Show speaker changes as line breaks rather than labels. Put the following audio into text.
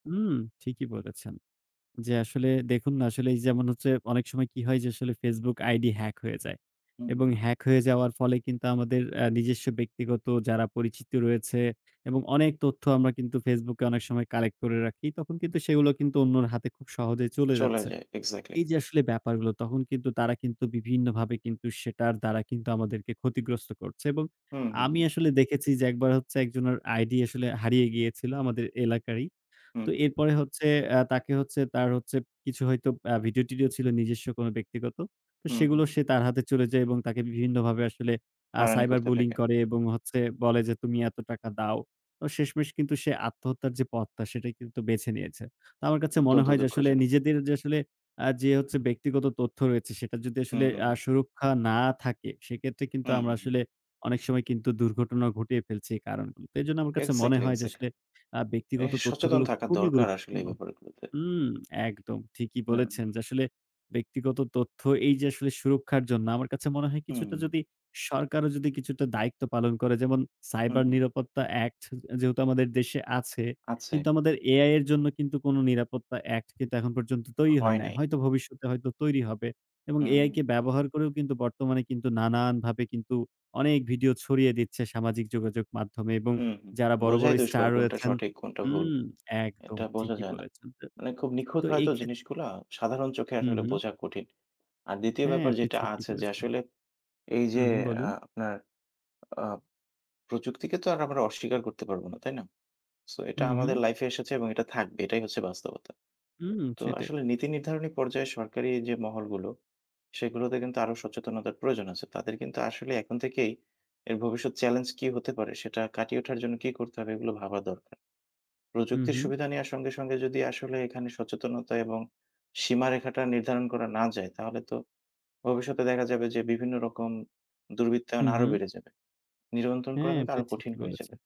উম, ঠিকই বলেছেন। যে, আসলে দেখুন না, আসলে যেমন হচ্ছে অনেক সময় কি হয় যে, আসলে FaceBook আইডি হ্যাক হয়ে যায়। এবং
হুম।
হ্যাক হয়ে যাওয়ার ফলে কিন্তু আমাদের আ নিজস্ব ব্যক্তিগত যারা পরিচিত রয়েছে এবং অনেক তথ্য আমরা কিন্তু FaceBook এ অনেক সময় কালেক্ট করে রাখি, তখন কিন্তু সেগুলো কিন্তু অন্যের হাতে খুব সহজে চলে
চলে
যাচ্ছে।
যায় এক্সাক্টলি।
এই যে, আসলে ব্যাপারগুলো, তখন কিন্তু তারা কিন্তু বিভিন্নভাবে কিন্তু সেটার দ্বারা কিন্তু আমাদেরকে ক্ষতিগ্রস্ত করছে। এবং
হুম, হুম,
আমি
হুম।
আসলে দেখেছি যে, একবার হচ্ছে একজনের ID আসলে হারিয়ে গিয়েছিল আমাদের এলাকারই।
হুম,
তো
হুম।
এরপরে হচ্ছে আ তাকে হচ্ছে তার হচ্ছে কিছু হয়তো আ ভিডিও টিডিও ছিল, নিজস্ব কোনো ব্যক্তিগত। তো
হুম,
সেগুলো
হুম।
সে তার হাতে চলে যায় এবং তাকে বিভিন্নভাবে আসলে আ
হয়রানি
cyber
করতে
bullying
থাকে।
করে. এবং হচ্ছে বলে যে, তুমি এত টাকা দাও। তো শেষমেষ কিন্তু সে আত্মহত্যার যে, পথটা সেটাই কিন্তু বেছে নিয়েছে। তো আমার কাছে মনে
অত্যন্ত
হয় যে, আসলে
দুঃখজনক।
নিজেদের যে, আসলে আ যে, হচ্ছে ব্যক্তিগত তথ্য রয়েছে সেটা যদি
হুম,
আসলে
হু,
আ
হুম।
সুরক্ষা না থাকে, সেক্ষেত্রে কিন্তু
হুম,
আমরা
হু, হুম।
আসলে অনেক সময় কিন্তু দুর্ঘটনা ঘটিয়ে ফেলছি এই কারণগুলোতে। তো এজন্য আমার কাছে মনে
এক্সাক্টলি,
হয় যে,
এক্সাক্টলি!
আসলে আ
এ
ব্যক্তিগত
সচেতন
তথ্যগুলো
থাকা
খুবই
দরকার আসলে
গুরুত্বপূর্ণ।
এই ব্যাপারগুলোতে।
উম একদম ঠিকই
হুম।
বলেছেন। যে, আসলে ব্যক্তিগত তথ্য এই যে, আসলে সুরক্ষার জন্য। আমার কাছে মনে হয়
হুম।
কিছুটা যদি সরকারও যদি কিছুটা দায়িত্ব পালন করে, যেমন
হুম,
সাইবার
হুম।
নিরাপত্তা অ্যাক্ট যে যেহেতু আমাদের দেশে আছে,
আচ্ছে।
কিন্তু আমাদের AI এর জন্য কিন্তু কোনো নিরাপত্তা অ্যাক্ট কিন্তু এখন পর্যন্ত তৈরি হয়
হয়
নাই।
নাই।
হয়তো ভবিষ্যতে হয়তো তৈরি হবে। এবং
হুম,
AI কে
হুম।
ব্যবহার করেও কিন্তু বর্তমানে কিন্তু নানানভাবে কিন্তু অনেক ভিডিও ছড়িয়ে দিচ্ছে সামাজিক যোগাযোগ মাধ্যমে। এবং
উমহু,
যারা বড়, বড়,
বোঝাই দুষ্কর
স্টার
কোনটা
রয়েছেন
সঠিক, কোনটা ভুল,
হুম, একদম
এটা বোঝা
ঠিকই
যায় না।
বলেছেন। তো,
মানে খুব নিখুঁত
তো, এই
হয়তো,
ক্ষেত্রে
জিনিসগুলা সাধারণ চোখে আসলে
উঁহু।
বোঝা কঠিন। আর ২য়
হ্যাঁ,
ব্যাপার
আপনি
যেটা
ঠিকই
আছে যে,
বলেছেন।
আসলে এই যে,
উঁহু,
আ
বলুন।
আপনার আ প্রযুক্তিকে তো আর আমরা অস্বীকার করতে পারব না, তাই না? সো, এটা আমাদের
উঁহু।
লাইফে এসেছে এবং এটা থাকবে, এটাই হচ্ছে বাস্তবতা।
উম,
তো
সেটাই।
আসলে নীতি নির্ধারণী পর্যায়ে সরকারি যে, মহলগুলো, সেগুলোতে কিন্তু আরো সচেতনতার প্রয়োজন আছে। তাদের কিন্তু আসলে এখন থেকেই এর ভবিষ্যৎ চ্যালেঞ্জ কী হতে পারে, সেটা কাটিয়ে ওঠার জন্য কী করতে হবে, এগুলো ভাবা দরকার। প্রযুক্তির
উঁহু।
সুবিধা নেওয়ার সঙ্গে, সঙ্গে, যদি আসলে এখানে সচেতনতা এবং সীমারেখাটা নির্ধারণ করা না যায়, তাহলে তো ভবিষ্যতে দেখা যাবে যে, বিভিন্ন রকম দুর্বৃত্তায়ন আরো
উঁহু।
বেড়ে যাবে। নিয়ন্ত্রণ করা
হ্যাঁ,
কিন্তু
আপনি
আরো কঠিন
ঠিকই
হয়ে যাবে।
বলেছেন।